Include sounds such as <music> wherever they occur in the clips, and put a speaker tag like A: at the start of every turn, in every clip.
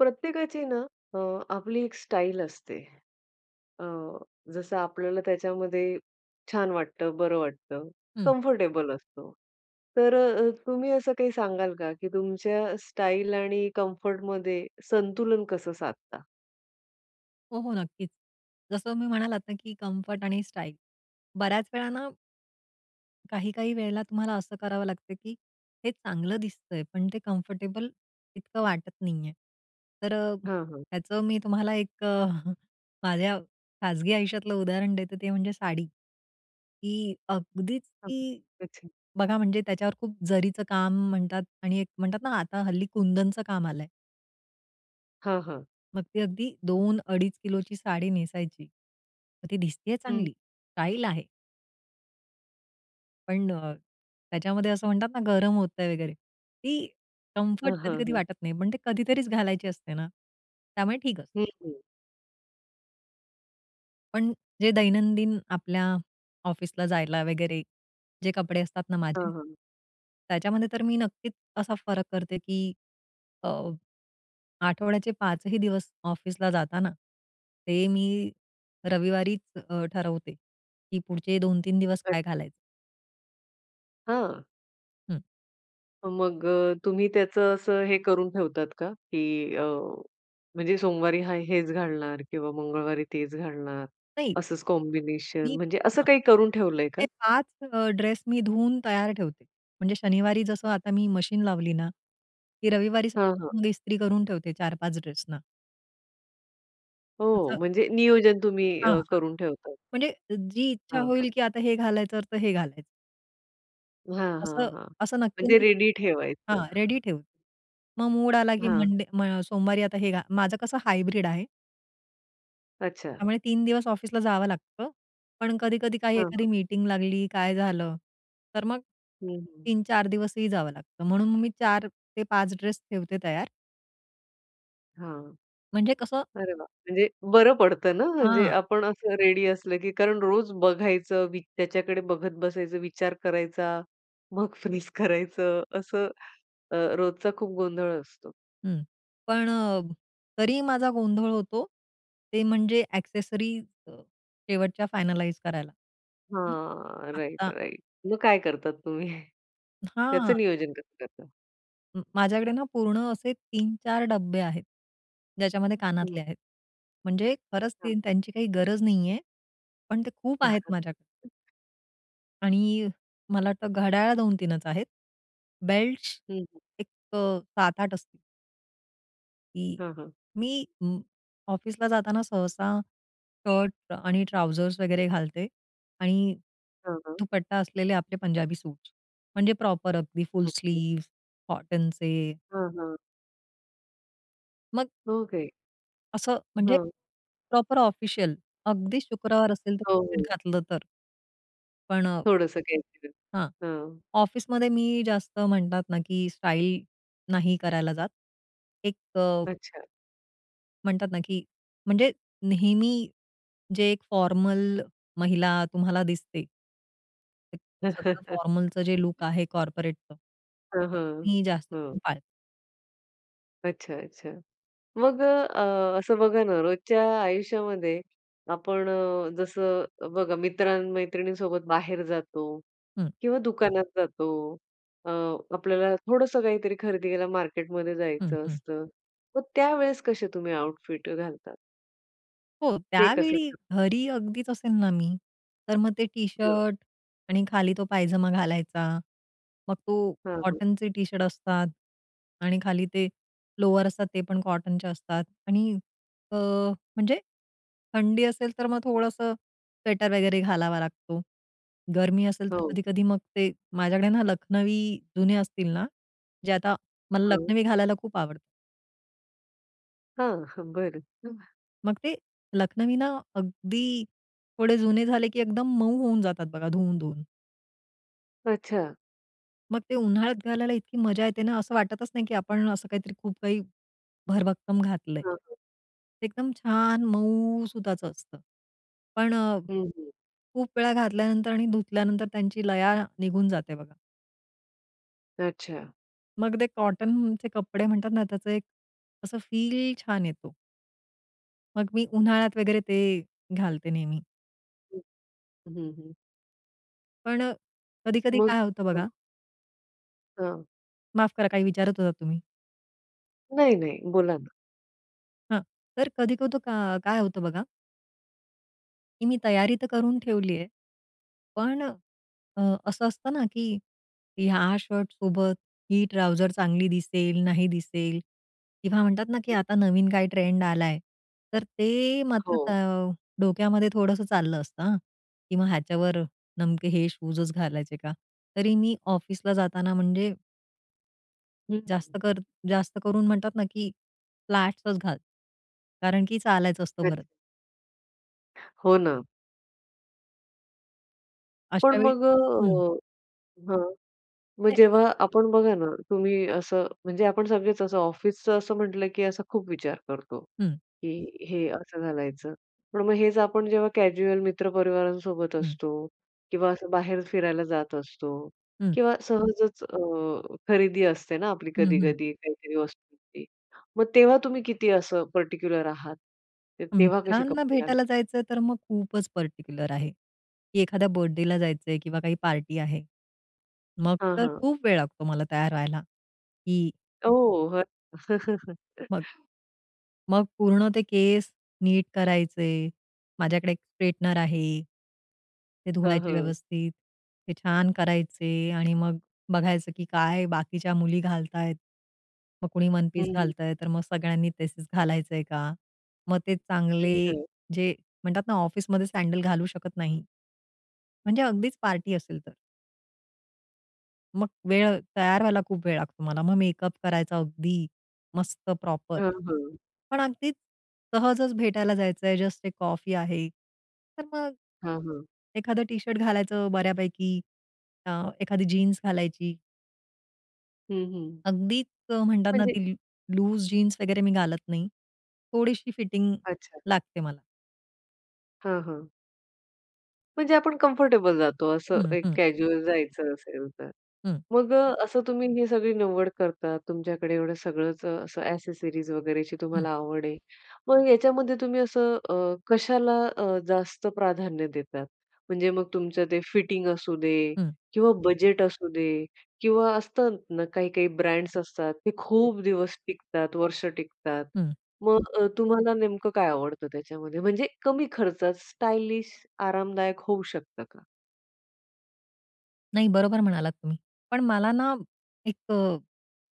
A: प्रत्येकाची ना, अ, आपली एक स्टाईल असते. अ, जसं आपल्याला त्याच्यामध्ये छान वाटतं, बरं वाटतं
B: हं.
A: कम्फर्टेबल असतो. तर अ, तुम्ही असं काही सांगाल का की तुमच्या स्टाईल आणि कम्फर्टमध्ये संतुलन कसं साधता?
B: हो, हो, नक्कीच. जसं मी म्हणालात ना की कम्फर्ट आणि स्टाईल बऱ्याच वेळा ना काही-काही वेळेला तुम्हाला असं करावं लागतं, की हे चांगलं दिसतंय पण ते कम्फर्टेबल इतकं वाटत नाहीये. तर अ,
A: हां, हां.
B: याचं मी तुम्हाला एक अ, <chuckles> माझ्या खाजगी आयुष्यातलं उदाहरण देतो ते म्हणजे साडी. की अगदीच
A: हां,
B: ती,
A: अच्छा.
B: बघा म्हणजे त्याच्यावर खूप जरीचं काम म्हणतात आणि एक म्हणतात ना आता हल्ली कुंदनचं काम आलंय.
A: हां, हां.
B: मग ती अगदी 2 अडीच किलोची साडी नेसायची. मग ती दिसतेय
A: हं.
B: चांगली, स्टाईल आहे. पण अ, त्याच्यामध्ये असं म्हणतात ना गरम होतंय वगैरे ती कम्फर्ट
A: हं, हं,
B: कधी-कधी
A: हं.
B: वाटत नाही. पण ते कधीतरीच घालायची असते ना त्यामुळे ठीक असतं.
A: हं, हं.
B: पण जे दैनंदिन आपल्या ऑफिसला जायला वगैरे जे कपडे असतात ना माझे,
A: हं, हं.
B: त्याच्यामध्ये तर मी नक्कीच असा फरक करते की अ, आठवड्याचे 5 ही दिवस ऑफिसला जाताना ते मी रविवारीच अ, ठरवते की पुढचे 2-3 दिवस काय
A: अच्छा.
B: घालायचं.
A: हं.
B: हं.
A: मग अ, तुम्ही त्याचं असं हे करून ठेवतात का, की अ, म्हणजे सोमवारी हा हेच घालणार किंवा मंगळवारी तेच घालणार
B: नाही.
A: असंच कॉम्बिनेशन
B: मी
A: म्हणजे असं
B: हां,
A: काही करून ठेवलंय का?
B: ते 5 अ, ड्रेस मी धुवून तयार ठेवते. म्हणजे शनिवारी जसं आता मी मशीन लावली ना, ती रविवारी
A: हां, हां.
B: <unintelligible> इस्त्री करून ठेवते 4-5 ड्रेस ना.
A: हो,
B: माझं
A: म्हणजे नियोजन तुम्ही
B: हां,
A: अ,
B: हां,
A: करून ठेवतात.
B: म्हणजे जी इच्छा
A: हां,
B: होईल
A: हां.
B: की आता हे घालायचं तर हे घालायचं.
A: हां, हां,
B: असं
A: हां,
B: असं नक्की
A: म्हणजे
B: नाही करत.
A: रेडी ठेवायचं?
B: हां रेडी ठेवू. मग मूड आला की
A: हां.
B: मंडे मग सोमवारी आता हे घा माझं कसं हायब्रिड आहे.
A: अच्छा.
B: त्यामुळे 3 दिवस ऑफिसला जावं लागतं, पण कधी-कधी काही
A: हां,
B: एखादी
A: हां.
B: मीटिंग लागली, काय झालं तर मग,
A: हं, हं.
B: 3-4 दिवसही जावं लागतं म्हणून मी 4 ते 5 ड्रेस ठेवते तयार.
A: हां.
B: म्हणजे कसं
A: अरे वाह! म्हणजे बरं पडतं ना, म्हणजे
B: हां.
A: आपण असं रेडी असलं, की कारण रोज बघायचं वि त्याच्याकडे बघत बसायचं. विचार करायचा, मग फ्रीझ करायचं असं, अ, रोजचा खूप गोंधळ असतो.
B: हं. पण अ, तरी ही माझा गोंधळ होतो, ते म्हणजे ॲक्सेसरीज अ, शेवटच्या फायनलाईज करायला.
A: हां. राइट,
B: आता
A: राइट. मग काय करता तुम्ही? <chuckles>
B: हां.
A: त्याचं नियोजन कसं करता?
B: अं, माझ्याकडे ना, पूर्ण असे 3-4 डब्बे आहेत, ज्याच्यामध्ये कानातले
A: हं.
B: आहेत. म्हणजे खरंच
A: हां.
B: ते त्यांची काही गरज नाहीये, पण ते खूप आहेत माझ्याक
A: <chuckles>
B: आणि मला वाटतं, घड्याळ 2-3 च आहेत, बेल्ट्स
A: हं, हं.
B: एक अ, 7-8 असती की
A: हां, हां.
B: मी अं, ऑफिसला जाताना, सहसा शर्ट आणि ट्राउझर वगैरे घालते. आणि
A: हां, हां.
B: दुपट्टा असलेले आपले पंजाबी सूट्स. म्हणजे प्रॉपर अगदी फुल
A: ओके.
B: स्लीव्ह्ज कॉटनचे.
A: हां, हां.
B: मग
A: ओके.
B: असं म्हणजे,
A: हं.
B: Proper official. अगदी शुक्रवार असेल
A: हो,
B: तर <unintelligible>
A: हो.
B: घातलं तर. पण अ
A: थोडंसं काही तर
B: हां.
A: हां.
B: ऑफिसमध्ये मी जास्त म्हणतात ना, की स्टाइल नाही करायला जात. एक अ
A: अच्छा.
B: म्हणतात ना की म्हणजे नेहमी जे एक फॉर्मल महिला तुम्हाला दिसते. <unintelligible> सगळं
A: <laughs>
B: फॉर्मलचं जे लूक
A: <unintelligible>
B: आहे कॉर्पोरेटचं.
A: हां,
B: ते
A: हां,
B: मी जास्त करून
A: हं.
B: पाळते.
A: अच्छा, अच्छा. मग अ, अ, असं बघा ना रोजच्या आयुष्यामध्ये आपण अ, जसं बघा मित्र-मैत्रिणींसोबत बाहेर जातो
B: हं.
A: किंवा दुकानात जातो. अ, आपल्याला थोडंसं काहीतरी खरेदीला मार्केटमध्ये
B: हं,
A: जायचं
B: हं.
A: असतं. तर त्यावेळेस कसे तुम्ही आउटफिट घालतात?
B: हो
A: ते कसं
B: त्यावेळी
A: ठर
B: घरी अगदीच असेल ना मी. तर मग ते
A: हं.
B: टी-शर्ट आणि खाली तो पायजमा घालायचा. मग तो
A: हं, हं.
B: कॉटनचे टी-शर्ट असतात आणि खाली ते लोअर असतात ते पण कॉटनचे असतात आणि अ, म्हणजे थंडी असेल, तर मग थोडंसं स्वेटर वगैरे घालावा लागतो. गरमी असेल तर
A: हो.
B: कधी-कधी मग ते माझ्याकडे ना लखनवी जुने असतील ना. जे आता मला
A: हं.
B: लखनवी घालायला खूप आवडतात.
A: हं, हां बरं. <chuckles>
B: मग ते, लखनवी ना, अगदी थोडे जुने झाले, की एकदम मऊ होऊन जातात बघा, धुवून, धुवून.
A: अच्छा.
B: मग ते उन्हाळ्यात घालायला इतकी मजा येते ना, असं वाटतच नाही, की आपण असं काहीतरी खूप काही, भरभक्कम घातलंय.
A: हां, हां.
B: एकदम छान, मऊ सुताच असतं. पण अ,
A: हं, हं.
B: खूप वेळा घातल्यानंतर आणि धुतल्यानंतर त्यांची लया निघून जाते बघा.
A: अच्छा.
B: मग ते कॉटनचे कपडे म्हणतात ना, त्याचं एक असं फील छान येतो. मग मी उन्हाळ्यात वगैरे ते, घालते नेहमी.
A: हं. हं, हं.
B: पण अ, कधी-कधी
A: मग
B: काय होतं
A: हां.
B: बघा
A: हां.
B: माफ करा, काही विचारत होतात तुम्ही?
A: नाही, नाही, बोला ना.
B: हां. तर कधी-कधी अ, काय होतं बघा की मी तयारी तर करून ठेवली आहे. पण अ, असं असतं ना, की हा शर्टसोबत ही ट्राउजर चांगली दिसेल, नाही दिसेल. किंवा म्हणतात ना, की
A: <unintelligible>
B: आता नवीन काय ट्रेंड आला आहे. तर ते मात्र त
A: हो.
B: डोक्यामध्ये थोडंसं चाललं असतं हां, की ह्याच्यावर नेमके हे शूजच घालायचे का? तरी मी ऑफिसला जाताना म्हणजे जास्त
A: हं.
B: कर जास्त करून म्हणतात ना, की फ्लॅट्सच घाल. कारण की चालायचं असतं परत.
A: अच्छा. हो ना. पण
B: अशावेळी
A: मग अ,
B: हं.
A: हां मग
B: नाही.
A: जेव्हा आपण, बघा ना, तुम्ही असं म्हणजे आपण सगळेच असं ऑफिसचं असं म्हटलं, की असा खूप विचार करतो,
B: हं.
A: की हे असं घालायचं, पण मग हेच आपण जेव्हा कॅज्युअल मित्र-परिवारांसोबत
B: हं.
A: असतो किंवा असं बाहेर फिरायला जात असतो
B: हं.
A: किंवा सहजच अ, खरेदी असते ना आपली
B: हं, हं.
A: कधी-कधी काहीतरी वस्तूची, मग तेव्हा तुम्ही किती असं पर्टिक्युलर आहात? तर तेव्हा कसे
B: मित्रांना
A: कपडे
B: भेटायला
A: घालतात?
B: जायचं, तर मग खूपच पर्टिक्युलर आहे, की एखाद्या बर्थडेला जायचंय किंवा काही पार्टी आहे. मग
A: हां,
B: तर
A: हां.
B: खूप वेळ लागतो मला तयार व्हायला की
A: ओ!
B: मग
A: <chuckles>
B: मग पूर्ण ते केस नीट करायचे, माझ्याकडे एक स्ट्रेटनर आहे. ते
A: हं,
B: धुवायचे
A: हं.
B: व्यवस्थित, ते छान करायचे आणि मग बघायचं, की काय बाकीच्या मुली घालतायेत. मग कुणी
A: हं,
B: वन-पीस
A: हं.
B: घालतंय, तर मग सगळ्यांनी तसेच घालायचंय का? मग ते चांगले
A: अच्छा.
B: जे म्हणतात ना, ऑफिसमध्ये सँडल घालू शकत नाही, म्हणजे अगदीच पार्टी असेल तर. मग वेळ तयार व्हायला खूप वेळ लागतो मला. मग मेकअप करायचा अगदी मस्त प्रॉपर.
A: हां, हां.
B: पण अगदी सहजच भेटायला जायचंय जस्ट एक कॉफी आहे. तर मग
A: हां, हां.
B: एखादं टी-शर्ट घालायचं बऱ्यापैकी अ, एखादी जीन्स घालायची
A: हं, हं.
B: अगदीच अ, म्हणतात ना,
A: म्हणजे
B: ती लूज जीन्स वगैरे मी घालत नाही, थोडीशी फिटिंग
A: अच्छा.
B: लागते मला.
A: हां, हां. म्हणजे आपण कम्फर्टेबल जातो असं
B: हं,
A: एक
B: हं
A: कॅज्यूअल जायचं असेल तर.
B: हं.
A: मग अ, असं तुम्ही ही सगळी निवड करता, तुमच्याकडे एवढं सगळंच अ, असं ॲक्सेसरीज वगैरेची
B: हं.
A: तुम्हाला आवड आहे. मग याच्यामध्ये तुम्ही असं अ, कशाला अ, जास्त प्राधान्य देतात? म्हणजे मग तुमचं ते फिटिंग असू दे
B: हं.
A: किंवा बजेट असू दे किंवा असतं ना, काही-काही ब्रँड्स असतात ते
B: हं.
A: खूप दिवस टिकतात, वर्ष टिकतात.
B: हं.
A: मग अ, तुम्हाला नेमकं काय आवडतं? त्याच्यामध्ये म्हणजे कमी खर्चात स्टायलिश आरामदायक होऊ शकतं का?
B: नाही, बरोबर म्हणालात तुम्ही. पण मला ना, एक अ,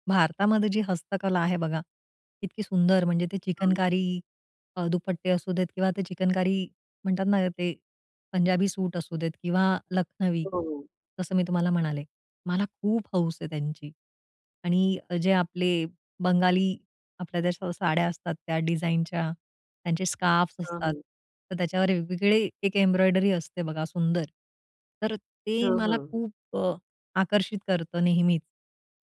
B: भारतामध्ये जी हस्तकला आहे बघा, इतकी सुंदर म्हणजे, ते
A: हां.
B: चिकनकारी अ, दुपट्टे असू देत किंवा ते चिकनकारी म्हणतात ना, ते पंजाबी सूट असू देत. किंवा लखनवी
A: हो, हो.
B: जसं मी तुम्हाला म्हणाले. मला खूप हौस आहे त्यांची. आणि जे आपले बंगाली आपल्या ज्या सा साड्या असतात त्या डिझाईनच्या त्यांचे स्कार्फ्स
A: हां,
B: असतात,
A: हां.
B: तर त्याच्यावर वेगवेगळे एक एम्ब्रॉयडरी असते बघा, सुंदर, तर ते
A: हां,
B: मला
A: हां.
B: खूप अ, आकर्षित करतं नेहमीच.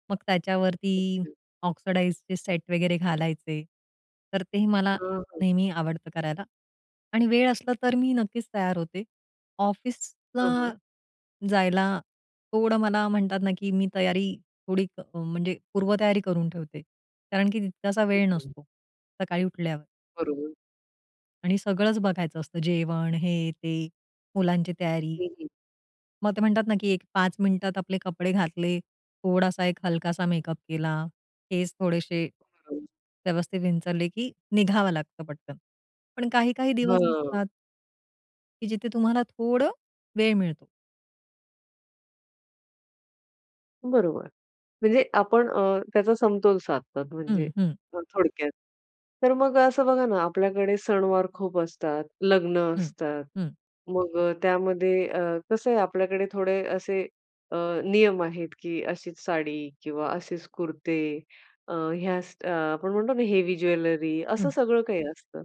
B: मग त्याच्यावरती
A: ओके.
B: ऑक्सिडाइजचे सेट वगैरे घालायचे, तर तेही मला
A: हां, हां.
B: नेहमी आवडतं करायला. आणि वेळ असला तर मी नक्कीच तयार होते.
A: हां,
B: ऑफिसला
A: हां.
B: जायला थोडं मला म्हणतात ना, की मी तयारी थोडी म्हणजे पूर्वतयारी करून ठेवते. कारण की तितकासा
A: ठीक
B: वेळ
A: आहे.
B: नसतो सकाळी उठल्यावर.
A: बरोबर.
B: आणि सगळंच बघायचं असतं. जेवण हे, ते, मुलांची तयारी.
A: हं, हं.
B: मग ते म्हणतात ना, की एक 5 मिनिटात आपले कपडे घातले, थोडासा एक हलकासा मेकअप केला, केस थोडेसे,
A: हं.
B: व्यवस्थित विंचरले, की निघावं लागतं पटकन. पण काही-काही दिवस
A: हं.
B: असतात की जिथे तुम्हाला थोडा, वेळ मिळतो.
A: बरोबर. म्हणजे आपण अ, त्याचा समतोल साधतात म्हणजे
B: हं, हं.
A: थोडक्यात. तर मग असं बघा ना, आपल्याकडे सणवार खूप असतात, लग्न
B: हं.
A: असतात.
B: हं.
A: मग त्यामध्ये अ, कसं आहे आपल्याकडे थोडे असे अ, नियम आहेत, की अशीच साडी किंवा असेच कुर्ते अ, ह्या स अ, आपण म्हणतो ना, हेवी ज्वेलरी, असं
B: हं.
A: सगळं काही असतं.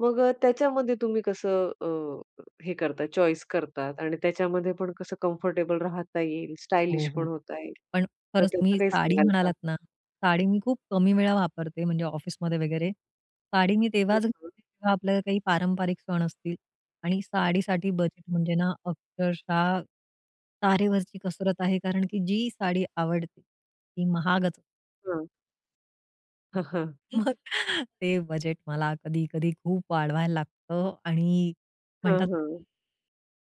A: मग त्याच्यामध्ये तुम्ही कसं अ, हे करतात चॉईस करतात आणि त्याच्यामध्ये पण कसं कम्फर्टेबल राहता येईल.
B: हो,
A: स्टाइलिश पण
B: हो.
A: होता येईल.
B: पण
A: तर
B: खरंच
A: त्याचं
B: मी
A: काही
B: साडी
A: सांगाल का?
B: म्हणालात ना, साडी मी खूप कमी वेळा वापरते म्हणजे ऑफिसमध्ये वगैरे. साडी मी
A: <unintelligible>
B: तेव्हाच घे
A: हं.
B: तेव्हा आपल्याला काही पारंपरिक सण असतील आणि साडीसाठी
A: हं.
B: बजेट म्हणजे ना, अक्षरशः तारेवरची कसरत आहे. कारण की जी साडी आवडते, ती महागच
A: हं. हं, हं.
B: मग ते बजेट मला कधी-कधी खूप वाढवायला लागतं आणि
A: हं,
B: म्हणतात
A: हं.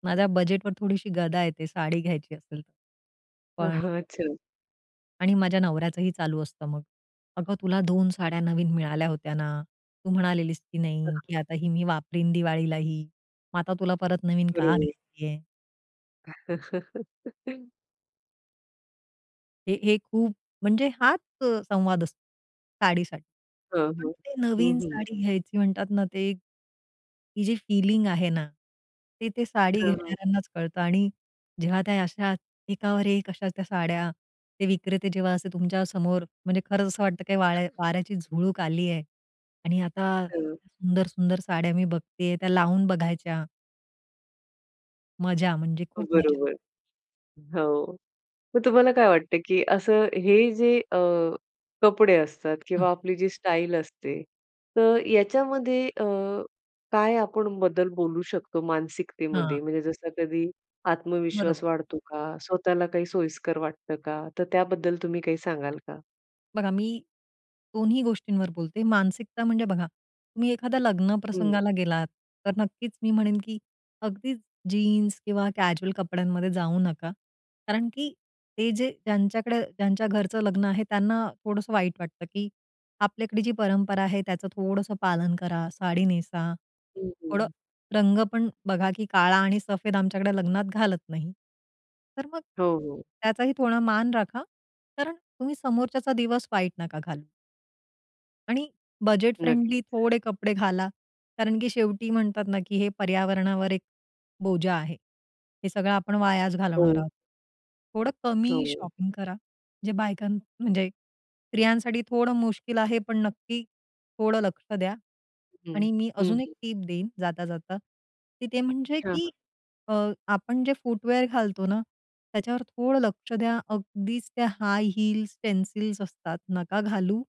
B: माझ्या बजेटवर थोडीशी गदा येते साडी घ्यायची असेल तर. पण
A: हं.
B: अ
A: अच्छा.
B: आणि माझ्या नवऱ्याचही चालू असतं मग. "अगं, तुला 2 साड्या नवीन मिळाल्या होत्या ना. तू म्हणालेलीस की नाही
A: <unintelligible>
B: की आता ही मी वापरीन दिवाळीला ही, मग आता तुला परत नवीन का
A: बरोबर.
B: घ्यायची आहे?"
A: <laughs>
B: हे हे, खूप म्हणजे हाच अ, संवाद असतो साडीसाठी.
A: हं,
B: पण
A: हं.
B: ते
A: हं,
B: नवीन
A: हं.
B: साडी घ्यायची म्हणतात ना ते एक की जी फीलिंग आहे ना ती ते साडी
A: हं, हं.
B: घेणाऱ्यांनाच कळतं आणि जेव्हा त्या अशा एकावर एक त्या कशा त्या साड्या ते विक्रेते जेव्हा असे तुमच्या समोर म्हणजे खरंच असं वाटतं काही वाळ्या वाऱ्याची झुळूक आली आहे आणि आता
A: हं.
B: सुंदर-सुंदर साड्या मी बघते त्या लावून बघायच्या. मजा म्हणजे
A: अ,
B: खूप मजा.
A: बरोबर. हो, मग तुम्हाला काय वाटतं की असं हे जे अ, कपडे असतात
B: हं.
A: किंवा आपली जी स्टाईल असते तर याच्यामध्ये अ, काय आपण बदल बोलू शकतो
B: हां.
A: मानसिकतेमध्ये म्हणजे जसं कधी
B: बरोबर.
A: आत्मविश्वास वाढतो का? स्वतःला काही सोयीस्कर वाटतं का? तर त्याबद्दल तुम्ही काही सांगाल का?
B: बघा मी, दोन्ही गोष्टींवर बोलते. मानसिकता म्हणजे बघा, तुम्ही एखाद्या लग्न
A: हं.
B: प्रसंगाला गेलात, तर नक्कीच मी म्हणेन, की अगदीच जीन्स किंवा कॅज्युअल कपड्यांमध्ये जाऊ नका. कारण की ते जे ज्यांच्याकडे, ज्यांच्या घरचं लग्न आहे, त्यांना थोडंसं वाईट वाटतं, की आपल्याकडे जी परंपरा आहे त्याचं थोडंसं पालन करा. साडी नेसा.
A: हं,
B: थोडं
A: हं.
B: रंग पण बघा, की काळा आणि सफेद आमच्याकडे लग्नात घालत नाही. तर मग
A: हो, हो.
B: त्याचाही थोडा मान राखा, कारण तुम्ही समोरच्याचा दिवस वाईट नका घालू. आणि बजेट
A: नक्कीच.
B: फ्रेंडली थोडे कपडे घाला. कारण की शेवटी म्हणतात ना, की हे पर्यावरणावर एक बोजा आहे. हे सगळं आपण वायाच घालवणार
A: हो.
B: आहोत. थोडं कमी
A: हो.
B: शॉपिंग करा, म्हणजे बायकां म्हणजे स्त्रियांसाठी थोडं मुश्किल आहे पण नक्की थोडं लक्ष द्या.
A: हं.
B: आणि मी
A: हं,
B: अजून एक
A: हं.
B: टिप देईन जाता-जाता, की ते म्हणजे
A: हां,
B: की
A: हां.
B: अ, आपण जे फूटवेअर घालतो ना, त्याच्यावर थोडं लक्ष द्या. अगदीच त्या हाय हील्स पेन्सिल्स असतात. नका घालू.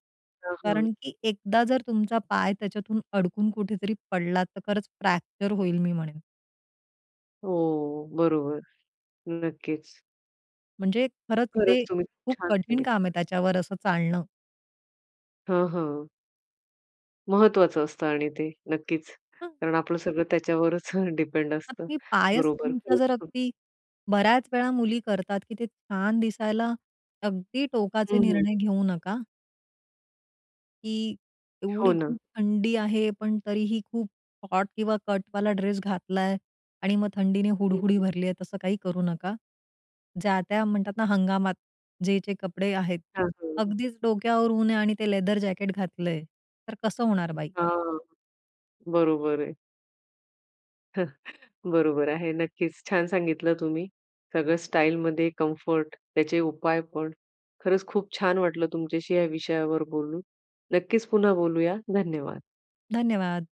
A: हां, हां.
B: कारण की एकदा जर तुमचा पाय त्याच्यातून अडकून कुठेतरी पडला, तर खरंच फ्रॅक्चर होईल मी म्हणेन.
A: हो, बरोबर. नक्कीच.
B: म्हणजे खरंच ते
A: खरंच तुम्ही खूप
B: खूप
A: छान
B: कठीण काम आहे,
A: सांगितलं.
B: त्याच्यावर असं चालणं.
A: हां, हां. महत्त्वाचं असतं आणि ते नक्कीच.
B: हां.
A: कारण आपलं सगळं त्याच्यावरच अ, डिपेंड
B: <unintelligible>
A: असतं.
B: मी पायच
A: बरोबर.
B: तुमचा
A: खरंच
B: जर
A: खूप
B: अगदी बऱ्याच वेळा मुली करतात, की ते छान दिसायला अगदी टोकाचे
A: हं, हं.
B: निर्णय घेऊ नका. की
A: हो
B: एवढी
A: ना.
B: खूप थंडी आहे पण तरीही खूप हॉट किंवा कटवाला ड्रेस घातलाय आणि मग थंडीने
A: हं,
B: हुडहुडी
A: हं.
B: भरली आहे. तसं काही करू नका. ज्या त्या म्हणतात ना, हंगामात जे-जे कपडे आहेत.
A: हां, हं.
B: अगदीच डोक्यावर ऊन आणि ते लेदर जॅकेट घातलंय, तर कसं होणार बाई?
A: हां, बरोबर आहे. <chuckles> बरोबर आहे, नक्कीच छान सांगितलं तुम्ही. सगळं स्टाईलमध्ये कम्फर्ट त्याचे उपाय पण. खरंच खूप छान वाटलं तुमच्याशी या विषयावर बोलून. नक्कीच पुन्हा बोलूया. धन्यवाद.
B: धन्यवाद.